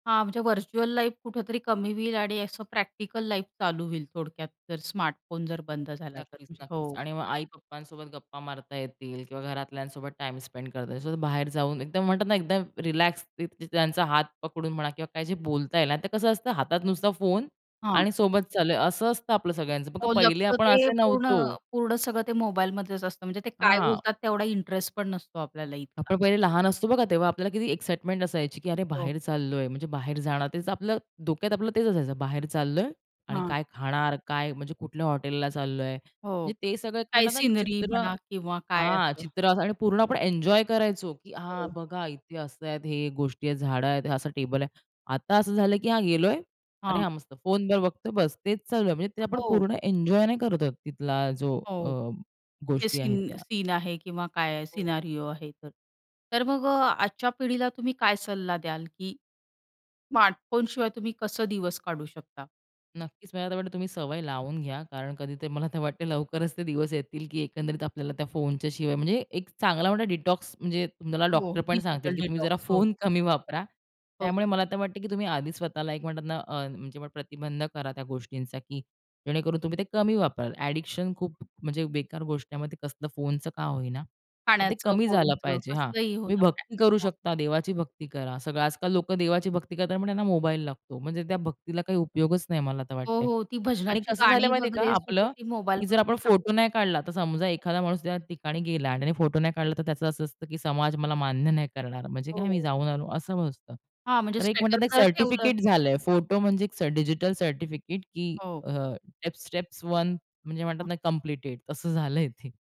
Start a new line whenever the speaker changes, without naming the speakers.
हां, म्हणजे virtual life कुठेतरी कमी होईल आणि असं प्रॅक्टिकल लाईफ चालू होईल थोडक्यात. जर स्मार्टफोन जर बंद झाला तर.
नक्कीच,
म्हणजे
नक्कीच
हो.
आणि मग आई-पप्पांसोबत गप्पा मारता येतील किंवा घरातल्यांसोबत टाईम स्पेंड करता येईल. सो बाहेर जाऊन एकदम म्हणतात ना, एकदम रिलॅक्स ती त्यांचा हात पकडून म्हणा किंवा काही जे बोलता येईल आणि आता कसं असतं हातात नुसता फोन
हां.
आणि सोबत चालू असं असतं आपलं सगळ्यांचं. बघा,
हो,
पहिले
लक्ष
आपण
ते
असे
पूर्ण
नव्हतो.
पूर्ण सगळं ते मोबाईलमधेच असतं. म्हणजे ते काय
हां.
बोलतात तेवढा इंटरेस्ट पण नसतो आपल्याला इतका.
आपण पहिले लहान असतो बघा, तेव्हा आपल्याला किती एक्साईटमेंट असायची की "अरे!
हो.
बाहेर चाललोय, म्हणजे बाहेर जाणार." तेच आपलं डोक्यात, आपलं तेच असायचं. बाहेर चाललोय आणि
हां.
काय खाणार, काय म्हणजे कुठल्या हॉटेलला चाललोय,
हो,
म्हणजे ते सगळे
काही
म्हणतात ना, एक
सीनरी
चित्र
म्हणा किंवा काय
हां,
असं.
चित्र असं आणि पूर्ण आपण एन्जॉय करायचो, की हां,
हो.
बघा इथे असं आहे, हे गोष्टी आहेत, झाडं आहेत, असं टेबल आहे. आता असं झालं की हां, गेलोय. "अरे,
हां.
हां मस्त." फोनवर बघतोय, बस. तेच चालू आहे म्हणजे. ते आपण
हो.
पूर्ण एन्जॉय नाही करत आहोत तिथला जो अ,
हो, जे
गोष्टी आहेत
सीन
त्या.
सीन आहे किंवा काय
हो.
सिनारिओ आहे तर तर मग अ, आजच्या पिढीला तुम्ही काय सल्ला द्याल, की स्मार्टफोनशिवाय तुम्ही कसं दिवस काढू शकता?
नक्कीच, मला तर वाटतं तुम्ही सवय लावून घ्या कारण कधीतरी मला तर वाटतं लवकरच ते दिवस येतील, की एकंदरीत आपल्याला त्या फोनच्याशिवाय म्हणजे एक चांगला मोठा डिटॉक्स म्हणजे तुम्हाला
हो,
डॉक्टर पण सांगतील,
डिजिटल
की तुम्ही जरा
डिटॉक्स हो.
फोन कमी वापरा.
हो,
त्यामुळे
हो.
मला तर वाटतं की तुम्ही आधीच स्वतःला एक म्हणतात ना, अ, म्हणजे प्रतिबंध करा त्या गोष्टींचा, की जेणेकरून तुम्ही ते कमी वापराल. अ‍ॅडिक्शन खूप म्हणजे बेकार गोष्ट आहे. मग ते कसलं फोनचं का होईना, तर ते
पाण्याचं,
कमी झालं
फोनचं,
पाहिजे हां,
कसलंही हो
तुम्ही
ना
भक्ती करू
प्लॅटफॉर्म.
शकता. देवाची भक्ती करा. सगळं आजकाल लोकं देवाची भक्ती करतात, पण त्यांना मोबाईल लागतो. म्हणजे त्या भक्तीला काही उपयोगच नाही मला तर
हो,
वाटतंय
हो. ती
आणि
भजनाची
कसं झालं
गाणी
माहिती आहे का
वगैरेसुद्धा
आपलं,
ती मोबाईल
की जर आपण
वरूनच
फोटो
सांगतात.
नाही काढला, तर समजा एखादा माणूस त्या ठिकाणी गेला आणि त्याने फोटो नाही काढला, तर त्याचं असं असतं की समाज मला मान्य नाही करणार, म्हणजे काय मी
हो.
जाऊन आलो असं असतं.
हां, म्हणजे
तर एक
स्टेटस
म्हणतात ना, एक
जर ठेवलं
सर्टिफिकेट झालंय. फोटो म्हणजे एक स डिजिटल सर्टिफिकेट की
हो.
अ, टेप्स स्टेप्स 1 म्हणजे म्हणतात
हां.
ना, कंप्लीटेड तसं झालंय ते.